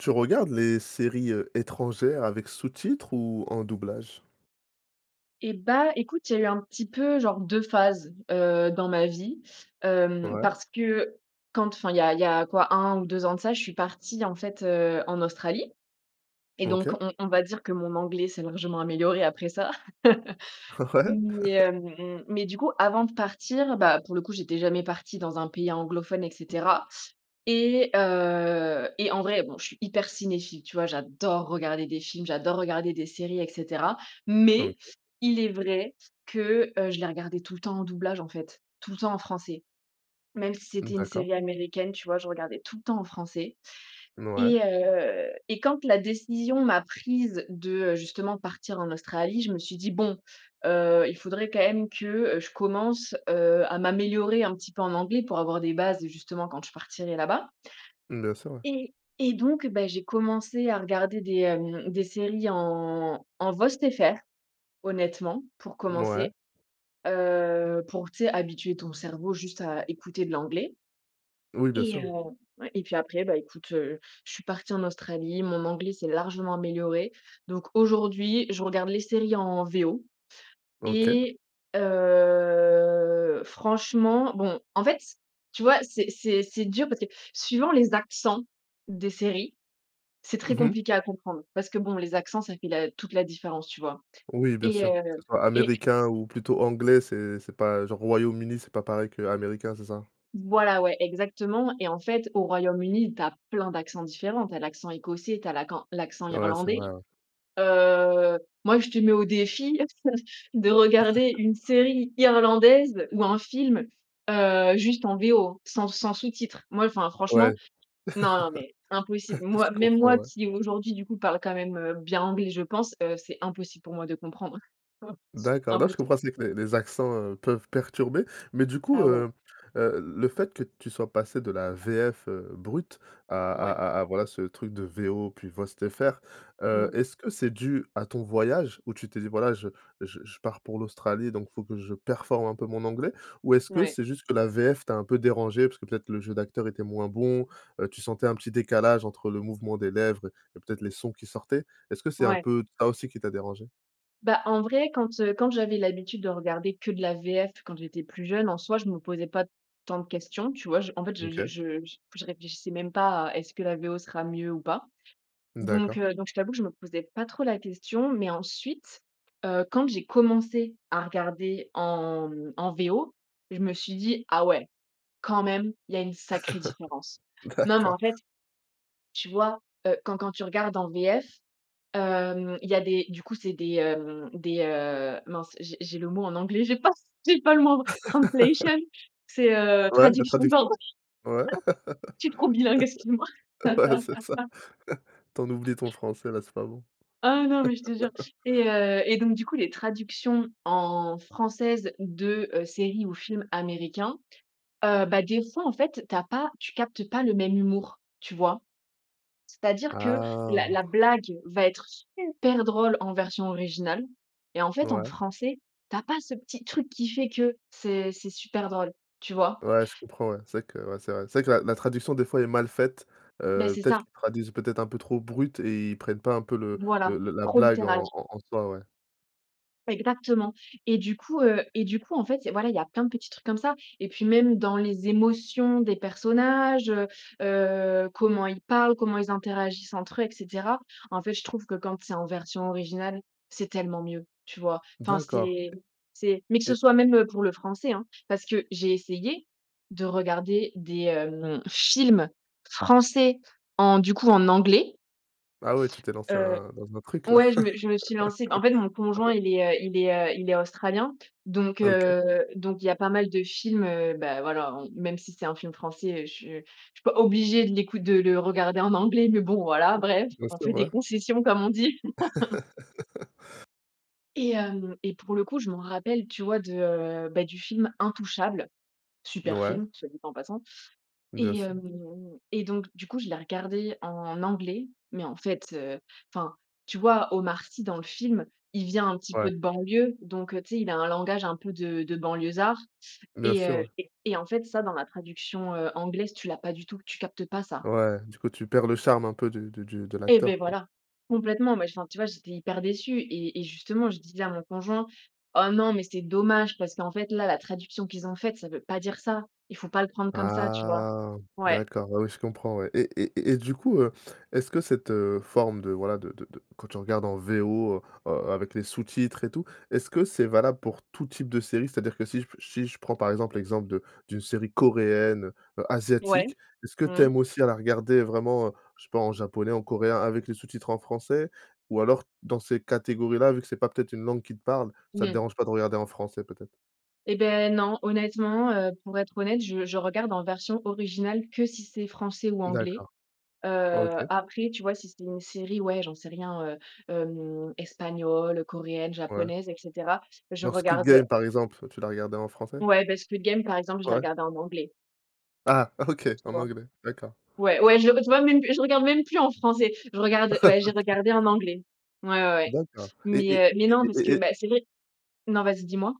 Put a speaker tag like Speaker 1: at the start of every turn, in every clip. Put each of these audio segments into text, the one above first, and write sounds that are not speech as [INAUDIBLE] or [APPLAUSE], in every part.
Speaker 1: Tu regardes les séries, heu, étrangères avec sous-titres ou en doublage?
Speaker 2: Et bah écoute, il y a eu un petit peu genre 2 phases, heu, dans ma vie. Hem,
Speaker 1: Ouais.
Speaker 2: parce que quand enfin il y a il y a quoi 1 ou 2 ans de ça, je suis partie en fait, heu, en Australie. Et donc,
Speaker 1: OK.
Speaker 2: on on va dire que mon anglais s'est largement amélioré après ça! [CHUCKLES]
Speaker 1: Ouais [LAUGHS]
Speaker 2: Mais, hem, mmh, mais du coup, avant de partir, bah, pour le coup, j'étais jamais partie dans un pays anglophone et cetera. Et heu, et en vrai, bon, je suis hyper cinéphile, tu vois? J'adore regarder des films, j'adore regarder des séries, et cetera. Mais
Speaker 1: OK.
Speaker 2: il est vrai que, heu, je les regardais tout le temps en doublage, en fait, tout le temps en français. Même si
Speaker 1: Mmh
Speaker 2: c'était une
Speaker 1: d'accord.
Speaker 2: série américaine, tu vois? Je regardais tout le temps en français,
Speaker 1: Mouais.
Speaker 2: et heu, et quand la décision m'a prise de, heu, justement partir en Australie, je me suis dit: «Bon heu, il faudrait quand même que, heu, je commence, heu, à m'améliorer un petit peu en anglais, pour avoir des bases, heu, justement quand je partirai là-bas»
Speaker 1: Bien sûr, ouais.
Speaker 2: et et donc, bah, j'ai commencé à regarder des, hem, des séries en en VOST FR honnêtement, pour
Speaker 1: Mouais.
Speaker 2: commencer. Heu, pour tu sais habituer ton cerveau juste à écouter de l'anglais.
Speaker 1: Oui, bien
Speaker 2: Et,
Speaker 1: sûr, ouais.
Speaker 2: heu ouais, et puis après, ben écoute, heu, je suis partie en Australie, mon anglais s'est largement amélioré. Donc, aujourd'hui, je regarde les séries en VO
Speaker 1: OK.
Speaker 2: et heu, franchement, bon. En fait c tu vois, c'est c'est c'est dur parce que suivant les accents des séries, c'est très
Speaker 1: Mmh mh.
Speaker 2: compliqué à comprendre. Parce que bon les accents ça fait la toute la différence, tu vois?
Speaker 1: Oui, bien
Speaker 2: Et,
Speaker 1: sûr! Que ce
Speaker 2: heu,
Speaker 1: soit
Speaker 2: et
Speaker 1: américain ou plutôt anglais, c'est c'est pas genre Royaume-Uni, c'est pas pareil qu'américain, c'est ça?
Speaker 2: Voilà, ouais! Exactement, et en fait, au Royaume-Uni, tu as plein d'accents différents! Tu as l'accent écossais, tu as l'accent- l'accent
Speaker 1: Ouais, c'est
Speaker 2: irlandais.
Speaker 1: vrai. Ouais.
Speaker 2: Heu, moi, je te mets au défi [CHUCKLES] de regarder une
Speaker 1: [CHUCKLES]
Speaker 2: série irlandaise ou un film, heu, juste en VO. Sans sans sous-titres. Moi, enfin
Speaker 1: Ouais!
Speaker 2: franchement non non, mais, impossible.
Speaker 1: [CHUCKLES]
Speaker 2: Moi
Speaker 1: Je
Speaker 2: même
Speaker 1: comprends,
Speaker 2: moi
Speaker 1: ouais.
Speaker 2: qui aujourd'hui, du coup, parle quand même, heu, bien anglais, je pense, heu, c'est impossible pour moi de comprendre. [CHUCKLES]
Speaker 1: D'accord, non je
Speaker 2: Impossible!
Speaker 1: comprends aussi que les accents, heu, peuvent perturber. Mais du coup
Speaker 2: Ah ouais!
Speaker 1: heu heu, le fait que tu sois passé de la VF heu, brute à
Speaker 2: Ouais.
Speaker 1: à à voilà ce truc de VO plus VOST FR heu,
Speaker 2: Mmh.
Speaker 1: est-ce que c'est dû à ton voyage où tu t'es dit: «Voilà, je je je pars pour l'Australie, donc faut que je performe un peu mon anglais»? Ou est-ce que
Speaker 2: Ouais.
Speaker 1: c'est juste que la VF t'as un peu dérangée? Parce que peut-être le jeu d'acteur était moins bon, heu, tu sentais un petit décalage entre le mouvement des lèvres et peut-être les sons qui sortaient. Est-ce que c'est un
Speaker 2: Ouais.
Speaker 1: peu ça aussi qui t'a dérangé?
Speaker 2: Bah, en vrai, quand, heu, quand j'avais l'habitude de regarder que de la VF quand j'étais plus jeune, en soi, je me posais pas tant de questions, tu vois? J en fait, je je
Speaker 1: OK.
Speaker 2: je je réfléchissais même pas à: «Est-ce que la VO sera mieux ou pas?» donc,
Speaker 1: D'accord.
Speaker 2: heu, donc je t'avoue que je me posais pas trop la question. Mais ensuite, heu, quand j'ai commencé à regarder en en VO je me suis dis: «Ah ouais, quand même, il y a une sacrée différence».
Speaker 1: [CHUCKLES]
Speaker 2: Non mais
Speaker 1: D'accord.
Speaker 2: en fait, tu vois, heu, quand quand tu regardes en VF, hem, il y a des du coup, c'est des, hem, des, heu mince j'ai j'ai le mot en anglais, j'ai pas c j'ai pas le mot en f
Speaker 1: [LAUGHS]
Speaker 2: translation, c'est, heu,
Speaker 1: Ouais, la
Speaker 2: traduction, pardon.
Speaker 1: traduction?
Speaker 2: [LAUGHS]
Speaker 1: Ouais
Speaker 2: Je suis trop bilingue, excuse-moi!
Speaker 1: [LAUGHS] ouais, c'est ça.
Speaker 2: [LAUGHS]
Speaker 1: Tu en oublies ton français, là c'est pas bon.
Speaker 2: Ah non, mais je te jure!
Speaker 1: [LAUGHS]
Speaker 2: Et, heu et donc du coup, les traductions en françaises de, heu, séries ou films américains. Heu, bah des fois, en fait, tu as pas tu captes pas le même humour, tu vois? C'est-à-dire que
Speaker 1: Ah!
Speaker 2: la la blague va être super drôle en version originale et en fait, en
Speaker 1: Ouais.
Speaker 2: français, tu as pas ce petit truc qui fait que c'est c'est super drôle, tu vois?
Speaker 1: Ouais, je comprends. Ouais, c'est vrai que ouais, c'est vrai c'est vrai que la la traduction des fois est mal faite,
Speaker 2: Beh,
Speaker 1: heu,
Speaker 2: c'est
Speaker 1: peut-être
Speaker 2: ça!
Speaker 1: qu'ils traduisent peut-être un peu trop brut et ils prennent pas un peu le
Speaker 2: Voilà,
Speaker 1: le le la la
Speaker 2: trop
Speaker 1: blague en
Speaker 2: littéral.
Speaker 1: en en soi, ouais.
Speaker 2: Exactement! Et du coup, heu et du coup en fait il y a voilà il y a plein de petits trucs comme ça. Et puis même dans les émotions des personnages, heu, heu, comment ils parlent, comment ils interagissent entre eux, et cetera. En fait, je trouve que quand c'est en version originale, c'est tellement mieux. Tu vois? Enfin,
Speaker 1: D'accord,
Speaker 2: c'est c'est mais que
Speaker 1: e
Speaker 2: ce
Speaker 1: et
Speaker 2: soit même pour le français, hein! Parce que j'ai essayé de regarder des, hem, films français en, du coup, en anglais
Speaker 1: Ah ouais tu t'es lancé
Speaker 2: heu
Speaker 1: un dans un autre truc là!
Speaker 2: ouais, je me je me suis lancée en fait mon conjoint, il est,
Speaker 1: [LAUGHS]
Speaker 2: heu il est, heu il est australien, donc,
Speaker 1: OK.
Speaker 2: heu, donc il y a pas mal de films, heu, bah voilà en même si c'est un film français, heu, je je suis pas obligée de l'écout de le regarder en anglais, mais bon voilà, bref.
Speaker 1: Bien
Speaker 2: «On
Speaker 1: sûr,
Speaker 2: fait des
Speaker 1: ouais.
Speaker 2: concessions,» comme on dit! [LAUGHS]
Speaker 1: [LAUGHS]
Speaker 2: Et hem, et pour le coup, je m'en rappelle, tu vois de heu bah du film Intouchables- super
Speaker 1: Ouais.
Speaker 2: film, soit dit en passant-
Speaker 1: Bien
Speaker 2: et
Speaker 1: sûr.
Speaker 2: hem et donc, du coup je l'ai regardé en anglais, mais en fait, heu enfin, tu vois Omar Sy dans le film, il vient un petit
Speaker 1: Ouais.
Speaker 2: peu de banlieue donc tu sais, il a un langage un peu de de banlieusard
Speaker 1: Bien
Speaker 2: et
Speaker 1: sûr,
Speaker 2: heu
Speaker 1: ouais.
Speaker 2: et et en fait ça, dans la traduction, heu, anglaise tu l'as pas du tout, tu captes pas ça.
Speaker 1: Ouais, du coup tu perds le charme un peu du du du de
Speaker 2: Et beh,
Speaker 1: l'acteur, quoi.
Speaker 2: voilà! Complètement, mais enfin, tu vois j'étais hyper déçue et et justement, je disais à mon conjoint: «Oh non, mais c'est dommage parce qu'en fait là, la traduction qu'ils ont faite, ça veut pas dire ça, il ne faut pas le prendre comme ça», tu vois?
Speaker 1: Ah,
Speaker 2: Ouais.
Speaker 1: d'accord, ah oui je comprends, ouais. Et et et et du coup, heu, est-ce que cette, heu, forme de, voilà, de de de quand tu regardes en V O, heu, a avec les sous-titres et tout, est-ce que c'est valable pour tout type de série, c'est-à-dire que si je pe si je prends par exemple, l'exemple de d'une série coréenne, heu heu
Speaker 2: Ouais.
Speaker 1: asiatique, est-ce que tu
Speaker 2: Mmh.
Speaker 1: aimes aussi à la regarder vraiment, je sais pas, en japonais, en coréen, avec les sous-titres en français? Ou alors, dans ces catégories là, vu que c'est pas peut-être une langue qui te parle, ça te
Speaker 2: Mmh.
Speaker 1: dérange pas de regarder en français, peut-être?
Speaker 2: Eh beh, non. Honnêtement, heu, pour être honnête, je je regarde en version originale que si c'est français ou anglais.
Speaker 1: D'accord, OK.
Speaker 2: Heu, après tu vois, si c'est une série, ouais, j'en sais rien, heu, hem espagnole, coréenne,
Speaker 1: Ouais.
Speaker 2: japonaise et cetera. Je
Speaker 1: Alors, Squid
Speaker 2: regarde, heu
Speaker 1: Game par exemple, tu l'as regardée en français?
Speaker 2: Ouais, bah Squid Game, par exemple je l'ai
Speaker 1: Ouais.
Speaker 2: regardée en anglais.
Speaker 1: Ah! OK,
Speaker 2: Tu
Speaker 1: en
Speaker 2: vois?
Speaker 1: anglais, d'accord.
Speaker 2: Ouais, ouais, je v je vois même plus je regarde même plus en français, je regarde ouais,
Speaker 1: [LAUGHS]
Speaker 2: j'ai
Speaker 1: OK.
Speaker 2: regardé en anglais. Ouais, ouais, ouais,
Speaker 1: D'accord, et et
Speaker 2: mais, heu, mais,
Speaker 1: et
Speaker 2: non parce
Speaker 1: et
Speaker 2: que,
Speaker 1: et
Speaker 2: bah, c'est vrai Non, vas-y dis-moi?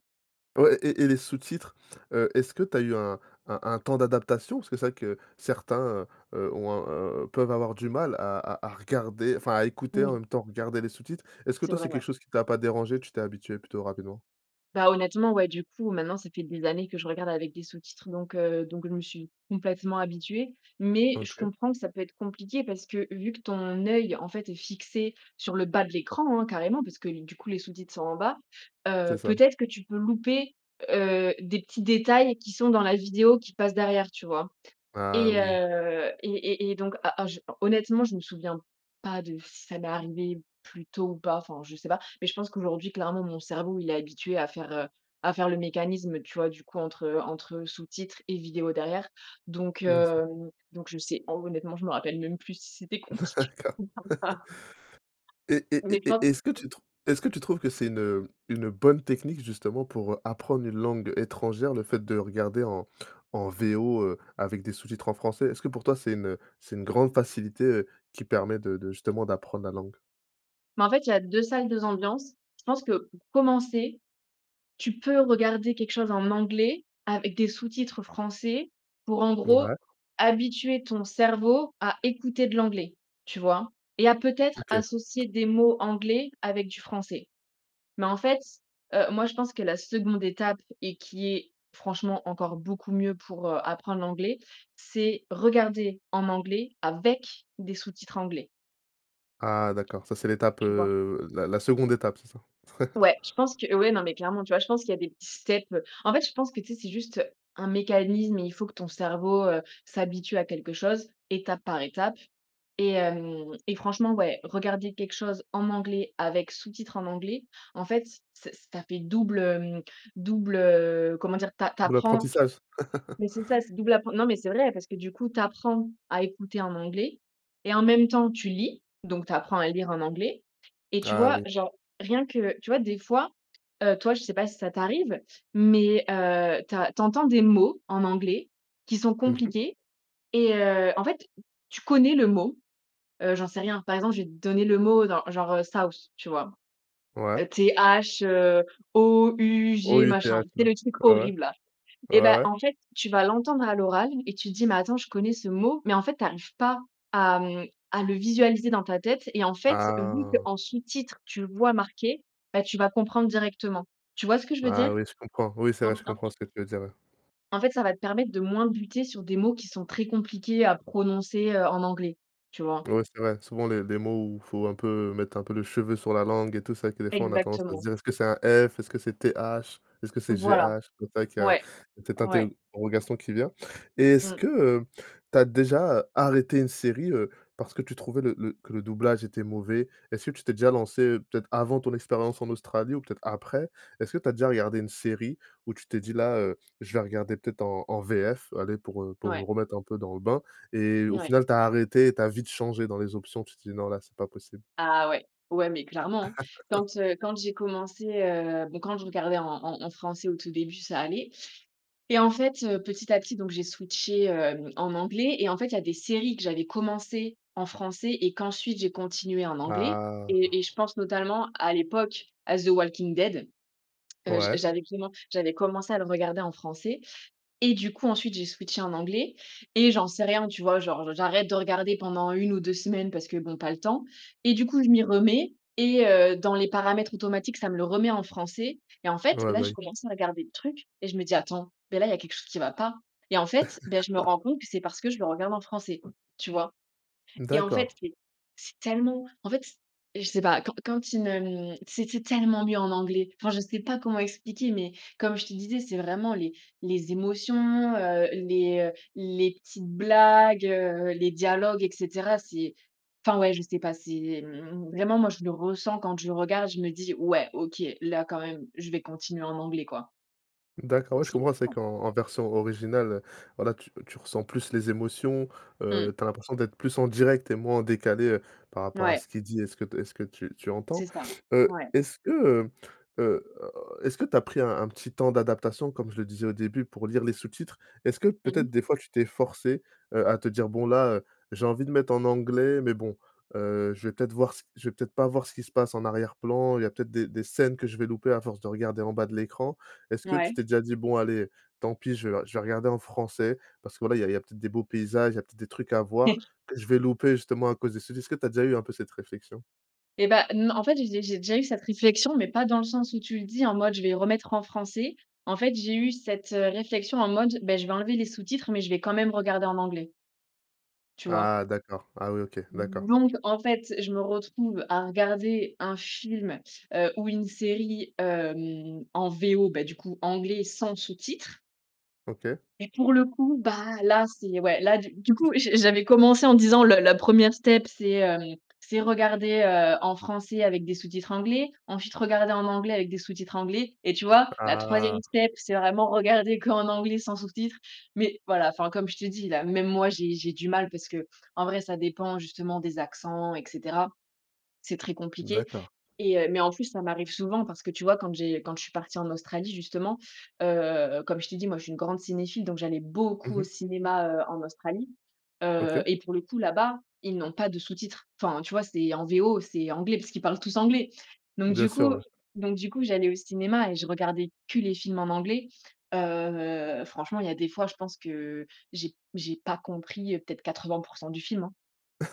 Speaker 1: Ouais, et et les sous-titres, heu, est-ce que tu as eu un un un temps d'adaptation? Parce que c'est vrai que certains, heu, heu, ont un un peuvent avoir du mal à à à regarder enfin, à écouter en
Speaker 2: Oui.
Speaker 1: même temps regarder les sous-titres. Est-ce que
Speaker 2: C'est
Speaker 1: toi,
Speaker 2: vrai,
Speaker 1: c'est
Speaker 2: ouais.
Speaker 1: quelque chose qui t'as pas dérangée, tu t'es habituée plutôt rapidement?
Speaker 2: Bah, honnêtement, ouais du coup, maintenant ça fait des années que je regarde avec des sous-titres, donc, heu, donc je me suis complètement habituée. Mais, je
Speaker 1: OK.
Speaker 2: comprends que ça peut être compliqué, parce que vu que ton œil en fait est fixé sur le bas de l'écran, hein, carrément, parce que du coup, les sous-titres sont en bas.
Speaker 1: C'est
Speaker 2: Heu,
Speaker 1: ça.
Speaker 2: peut-être que tu peux louper, heu, des petits détails qui sont dans la vidéo qui passent derrière, tu vois?
Speaker 1: Ah,
Speaker 2: Et
Speaker 1: oui.
Speaker 2: heu, et et et donc, heu, a a je honnêtement, je me souviens pas de si ça m'est arrivé plus tôt ou pas, enfin, je sais pas. Mais je pense qu'aujourd'hui clairement, mon cerveau, il est habitué à faire, heu, à faire le mécanisme, tu vois, du coup entre entre sous-titres et vidéos derrière. Donc,
Speaker 1: Bien sûr.
Speaker 2: hem, donc je sais en honnêtement, je me rappelle même plus si c'était compliqué
Speaker 1: D'accord
Speaker 2: [UNINTELLIGIBLE] ou pas.
Speaker 1: [LAUGHS] et et
Speaker 2: On met
Speaker 1: et
Speaker 2: plein
Speaker 1: et est-ce que tu trou est-ce que tu trouves que c'est une, heu, une bonne technique justement pour, heu, apprendre une langue étrangère, le fait de regarder en en VO, heu, avec des sous-titres en français? Est-ce que pour toi, c'est une c'est une grande facilité, heu, qui permet de de justement d'apprendre la langue?
Speaker 2: Mais en fait, il y a 2 salles, 2 ambiances. Je pense que, pour commencer, tu peux regarder quelque chose en anglais avec des sous-titres français, pour en gros
Speaker 1: Ouais.
Speaker 2: habituer ton cerveau à écouter de l'anglais, tu vois? Et à peut-être
Speaker 1: OK.
Speaker 2: associer des mots anglais avec du français. Mais en fait, heu, moi, je pense que la 2de étape et qui est franchement encore beaucoup mieux pour, heu, apprendre l'anglais, c'est regarder en anglais, avec des sous-titres anglais.
Speaker 1: Ah d'accord, ça c'est l'étape,
Speaker 2: Tu vois?
Speaker 1: heu, la la 2de étape, c'est ça? [CHUCKLES]
Speaker 2: Ouais. Je pense que ouais non, mais clairement, tu vois? Je pense qu'il y a des petits steps. Heu, en fait je pense que tu sais, c'est juste un mécanisme et il faut que ton cerveau, heu, s'habitue à quelque chose, étape par étape et hem et franchement ouais, regarder quelque chose en anglais avec sous-titre en anglais, en fait ç ça fait double hem, double heu, comment dire? Tu a tu apprends,
Speaker 1: Double-apprentissage? [LAUGHS]
Speaker 2: mais c'est ça, c'est double appren non mais, c'est vrai parce que du coup, tu apprends à écouter en anglais et en même temps tu lis donc, tu apprends à lire en anglais. Et tu
Speaker 1: Ah
Speaker 2: vois,
Speaker 1: oui.
Speaker 2: genre rien que tu vois des fois, heu, toi je sais pas si ça t'arrive, mais heu, tu as tu entends des mots en anglais qui sont
Speaker 1: Mmh mh.
Speaker 2: compliqués et heu, en fait, tu connais le mot. Heu, j'en sais rien. Par exemple, je vais te donner le mot genr- genre, heu: South tu vois?
Speaker 1: Ouais.
Speaker 2: T-H, heu, 0-U-G machin.
Speaker 1: O‑U‑T-H
Speaker 2: Tu sais
Speaker 1: ouais,
Speaker 2: le truc
Speaker 1: ouais, ouais.
Speaker 2: horrible, là?
Speaker 1: Ouais,
Speaker 2: Et bah
Speaker 1: ouais.
Speaker 2: en fait, tu vas l'entendre à l'oral et tu te dis: «Mais attends, je connais ce mot», mais en fait, tu arrives pas à mmh, à le visualiser dans ta tête et en fait, vu
Speaker 1: Ah!
Speaker 2: qu'en sous-titre, tu le vois marqué, beh, tu vas comprendre directement. Tu vois ce que je veux dire?
Speaker 1: Ah oui je comprends, oui c'est vrai je
Speaker 2: [UNINTELLIGIBLE]
Speaker 1: comprends ce que tu veux dire, là.
Speaker 2: En fait, ça va te permettre de moins buter sur des mots qui sont très compliqués à prononcer, heu, en anglais, tu vois?
Speaker 1: Ouais, c'est vrai. Souvent les les mots où faut un peu, mettre un peu le cheveu sur la langue et tout, c'est vrai que des fois, on a tendance à se
Speaker 2: Exactement.
Speaker 1: dire: «Est-ce que c'est un F, est-ce que c'est T-H, est-ce que c'est
Speaker 2: Voilà,
Speaker 1: G-H?». Donc, c'est vrai qu'il y a
Speaker 2: ouais,
Speaker 1: cette
Speaker 2: ouais.
Speaker 1: interrogation qui vient. Et est-ce
Speaker 2: Mmh.
Speaker 1: que, heu, tu as déjà, heu, arrêté une série, heu, parce que tu trouvais le le que le doublage était mauvais? Est-ce que tu t'es déjà lancée, heu, peut-être avant ton expérience en Australie ou peut-être après? Est-ce que tu as déjà regardé une série où tu t'es dit: «Là, heu, je vais regarder peut-être en en VF», allez, pour, heu, pour me
Speaker 2: Ouais.
Speaker 1: remettre un peu dans le bain? Et au
Speaker 2: Ouais.
Speaker 1: final, tu as arrêté et tu as vite changé dans les options? Tu t'es dit: «Non là c'est pas possible».
Speaker 2: Ah ouais! Ouais, mais clairement! Quand,
Speaker 1: [LAUGHS]
Speaker 2: heu, quand j'ai commencé heu bon quand je regardais en en en français au tout début, ça allait. Et en fait, heu, petit à petit donc, j'ai switché, hem, en anglais et en fait il y a des séries que j'avais commencées en français et qu'ensuite, j'ai continuées en anglais
Speaker 1: Ah!
Speaker 2: et et je pense notamment à l'époque, à The Walking Dead. Heu j'a
Speaker 1: Ouais.
Speaker 2: j'avais commen j'avais commencé à le regarder en français. Et du coup, ensuite, j'ai switché en anglais. Et j'en sais rien, tu vois, genre, j'arrête de regarder pendant 1 ou 2 semaines, parce que bon, pas le temps. Et du coup, je m'y remets et heu, dans les paramètres automatiques, ça me le remet en français. Et en fait,
Speaker 1: Ouais,
Speaker 2: là,
Speaker 1: bah
Speaker 2: j'ai
Speaker 1: oui.
Speaker 2: commencé à regarder le truc et je me dis: «Attends, mais là, il y a quelque chose qui va pas». Et en fait, beh, je me rends
Speaker 1: [LAUGHS]
Speaker 2: compte que c'est parce que je le regarde en français, tu vois?
Speaker 1: Mmh
Speaker 2: Et en fait,
Speaker 1: d'accord.
Speaker 2: c'est c'est tellement en fait, je sais pas. Quand quand tu ne mmh c'était tellement mieux en anglais. Enfin, je sais pas comment expliquer, mais comme je te disais, c'est vraiment les les émotions, heu, les, heu, les petites blagues, heu, les dialogues et cetera. C'est enfin, ouais, je sais pas, c'est mmh Vraiment moi, je le ressens quand je regarde. Je me dis: «Ouais, OK, là, quand même, je vais continuer en anglais, quoi».
Speaker 1: D'accord, ouais, je
Speaker 2: C'est
Speaker 1: comprends. C'est vrai
Speaker 2: important.
Speaker 1: qu'en en version originale, voilà tu tu ressens plus les émotions,
Speaker 2: Mmh.
Speaker 1: heu, tu as l'impression d'être plus en direct et moins en décalé, heu, par rapport à
Speaker 2: Ouais.
Speaker 1: ce qui est dit et ce que et ce que tu tu entends.
Speaker 2: C'est ça,
Speaker 1: Heu,
Speaker 2: ouais.
Speaker 1: est-ce que, heu, heu, est-ce que tu as pris un un petit temps d'adaptation, comme je le disais au début, pour lire les sous-titres? Est-ce que
Speaker 2: Mmh mh.
Speaker 1: peut-être des fois tu t'es forcée, heu, à te dire: «Bon, là, heu, j'ai envie de mettre en anglais, mais bon, heu, je vais peut-être voir ce je vais peut-être pas voir ce qui se passe en arrière-plan. Il y a peut-être des des scènes que je vais louper à force de regarder en bas de l'écran»? Est-ce que tu
Speaker 2: Mouais.
Speaker 1: t'es déjà dit: «Bon, allez, tant pis, je vais re je vais regarder en français, parce que voilà il y a il y a peut-être des beaux paysages, il y a peut-être des trucs à voir,
Speaker 2: [CHUCKLES]
Speaker 1: que je vais louper justement à cause des sous-titres». Est-ce que tu as déjà eu un peu cette réflexion?
Speaker 2: Eh bah, non. En fait j'ai dé j'ai déjà eu cette réflexion, mais pas dans le sens où tu le dis, en mode: «Je vais remettre en français». En fait j'ai eu cette heu réflexion en mode: «Bah je vais enlever les sous-titres mais je vais quand même regarder en anglais». Tu vois?
Speaker 1: Ah d'accord! Ah oui, OK. D'accord.
Speaker 2: Donc, en fait, je me retrouve à regarder un film, heu, ou une série, hem, en VO, bah du coup anglais sans sous-titres.
Speaker 1: OK.
Speaker 2: Et pour le coup, bah, là, c'est ouais, là, du du coup je j'avais commencé en disant: «Le la 1re step c'est, hem, c'est regarder, heu, en français avec des sous-titres anglais, ensuite regarder en anglais avec des sous-titres anglais» et tu vois, la 3e
Speaker 1: Ah!
Speaker 2: step c'est vraiment regarder qu'en anglais sans sous-titres. Mais voilà enfin comme je t'ai dis là, même moi j'ai j'ai du mal, parce que en vrai ça dépend justement des accents et cetera. C'est très compliqué
Speaker 1: D'accord.
Speaker 2: et heu mais en plus ça m'arrive souvent, parce que tu vois quand j'ai quand je suis partie en Australie justement, heu, comme je t'ai dit moi je suis une grande cinéphile donc j'allais
Speaker 1: Mmh
Speaker 2: beaucoup au
Speaker 1: mh.
Speaker 2: cinéma, heu, en Australie,
Speaker 1: OK.
Speaker 2: heu, et pour le coup, là-bas, ils n'ont pas de sous-titres. Enfin, tu vois c'est en VO, c'est anglais, parce qu'ils parlent tous anglais! Donc
Speaker 1: Bien
Speaker 2: du
Speaker 1: sûr,
Speaker 2: coup
Speaker 1: ouais.
Speaker 2: donc du coup, j'allais au cinéma et je regardais que les films en anglais. Heu, franchement il y a des fois, je pense que j'ai j'ai pas compris peut-être 80 % du film hein.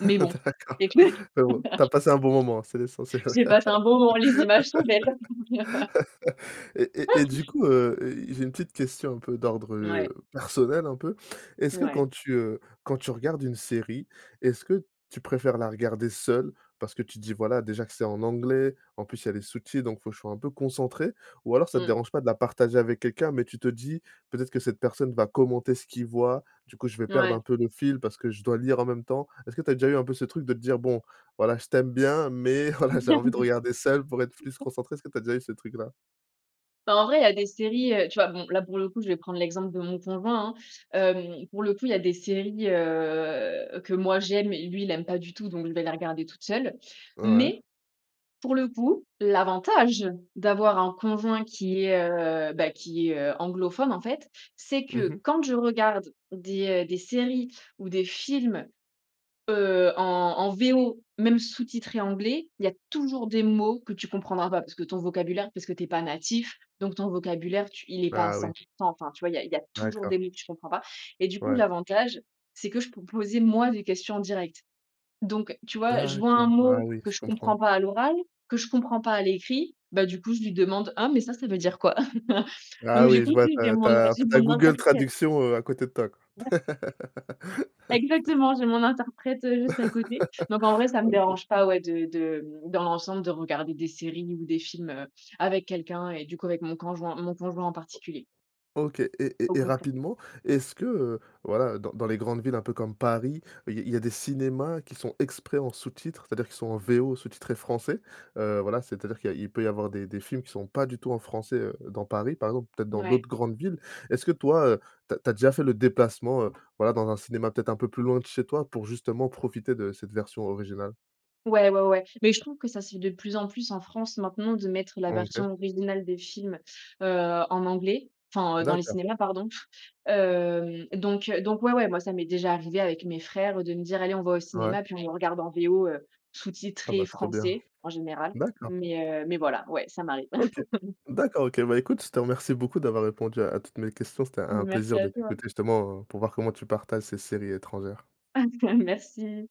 Speaker 2: Mais bon
Speaker 1: D'accord.
Speaker 2: et le truc
Speaker 1: Mais bon tu as passé un bon moment, c'est l'essentiel.
Speaker 2: [LAUGHS] j'ai passé un bon moment, les images sont belles! [LAUGHS]
Speaker 1: [LAUGHS] Et et et du
Speaker 2: [CHUCKLES]
Speaker 1: coup, heu, j'ai une petite question, un peu d'ordre, heu,
Speaker 2: Mouais.
Speaker 1: personnel, un peu. Est-ce que quand
Speaker 2: Mouais.
Speaker 1: tu, heu, quand tu regardes une série, est-ce que tu préfères la regarder seule, parce que tu te dis: «Voilà déjà que c'est en anglais, en plus il y a les sous-titres donc il faut que je sois un peu concentrée»? Ou alors ça te
Speaker 2: Mmh.
Speaker 1: dérange pas de la partager avec quelqu'un, mais tu te dis: «Peut-être que cette personne va commenter ce qu'il voit, du coup je vais perdre un
Speaker 2: Mouais.
Speaker 1: peu le fil parce que je dois lire en même temps»? Est-ce que tu as déjà eu un peu ce truc de te dire: «Bon, voilà, je t'aime bien, mais voilà, j'ai envie de regarder seule pour être plus
Speaker 2: [LAUGHS]
Speaker 1: concentrée», est ce que tu as déjà eu ce truc là?
Speaker 2: Enfin en vrai, il y a des séries, heu, tu vois bon là pour le coup je vais prendre l'exemple de mon conjoint, hein. Hem pour le coup, il y a des séries, heu, que moi j'aime et lui il aime pas du tout, donc je vais les regarder toute seule.
Speaker 1: Ouais.
Speaker 2: Mais, pour le coup, l'avantage d'avoir un conjoint qui est, heu, bah, qui est, heu, anglophone en fait, c'est
Speaker 1: Mmh
Speaker 2: que
Speaker 1: mh.
Speaker 2: quand je regarde des, heu, des séries ou des films, heu, en en VO même sous-titré anglais, il y a toujours des mots que tu comprendras pas parce que ton vocabulaire parce que tu es pas natif, donc ton vocabulaire tu il est pas à
Speaker 1: Ah
Speaker 2: cent
Speaker 1: oui!
Speaker 2: pour cent. Enfin, tu vois, il y a il y a toujours des
Speaker 1: D'accord.
Speaker 2: mots que tu ne comprends pas. Et du coup
Speaker 1: Ouais.
Speaker 2: l'avantage, c'est que je peux poser moi des questions en direct. Donc, tu vois, je vois un
Speaker 1: D'accord! Ah
Speaker 2: mot
Speaker 1: oui,
Speaker 2: que
Speaker 1: je
Speaker 2: je
Speaker 1: comprends.
Speaker 2: comprends pas à l'oral, que je comprends pas à l'écrit, bah du coup je lui demande: «Ah mais ça, ça veut dire quoi?» [LAUGHS] Donc,
Speaker 1: Ah
Speaker 2: du
Speaker 1: oui,
Speaker 2: coup
Speaker 1: je vois,
Speaker 2: oui
Speaker 1: tu
Speaker 2: j'ai
Speaker 1: as tu
Speaker 2: mon re
Speaker 1: as en
Speaker 2: j'ai
Speaker 1: fait tu as
Speaker 2: mon
Speaker 1: Google
Speaker 2: interprète.
Speaker 1: Traduction, heu, à côté de toi, quoi!
Speaker 2: Ouais.
Speaker 1: [LAUGHS]
Speaker 2: Exactement, j'ai mon interprète, heu, juste à côté. Donc en vrai
Speaker 1: [LAUGHS]
Speaker 2: ça me
Speaker 1: OK!
Speaker 2: dérange pas ouais de de, hem, dans l'ensemble de regarder des séries ou des films, heu, avec quelqu'un et du coup avec mon coinjoint mon conjoint en
Speaker 1: O
Speaker 2: particulier.
Speaker 1: OK. Et
Speaker 2: Au
Speaker 1: et et
Speaker 2: contrai
Speaker 1: rapidement, est-ce que, heu, voilà dans dans les grandes villes un peu comme Paris il y a il y a des cinémas qui sont exprès en sous-titre, c'est-à-dire qu'ils sont en VO sous-titrés français? Heu, voilà, c'est-à-dire qu'il y a il peut y avoir des des films qui sont pas du tout en français, heu, dans Paris, par exemple, peut-être dans
Speaker 2: Ouais.
Speaker 1: d'autres grandes villes. Est-ce que toi, heu, tu as tu as déjà fait le déplacement, heu, voilà, dans un cinéma peut-être un peu plus loin de chez toi, pour justement profiter de cette version originale?
Speaker 2: Ouais, ouais, ouais. Mais je trouve que ça se fait de plus en plus en France maintenant, de mettre la version
Speaker 1: OK.
Speaker 2: originale des films, heu, en anglais. Enfin, heu, dans les
Speaker 1: D'accord.
Speaker 2: cinémas, pardon. Hem, donc, heu, donc ouais, ouais. Moi ça m'est déjà arrivé avec mes frères, heu, de me dire: «Allez on va au
Speaker 1: Ouais.
Speaker 2: cinéma, puis on le regarde en VO, heu,
Speaker 1: Ah
Speaker 2: sous-titré
Speaker 1: bah trop bien!
Speaker 2: français», en général.
Speaker 1: D'accord.
Speaker 2: Mais, heu, mais voilà, ouais, ça m'arrive.
Speaker 1: OK.
Speaker 2: [LAUGHS]
Speaker 1: D'accord, OK! Bah écoute je te remercie beaucoup d'avoir répondu à à toutes mes questions. C'était un
Speaker 2: Merci
Speaker 1: plaisir de
Speaker 2: à toi!
Speaker 1: t'écouter justement, heu, pour voir comment tu partages ces séries étrangères.
Speaker 2: [LAUGHS] Merci!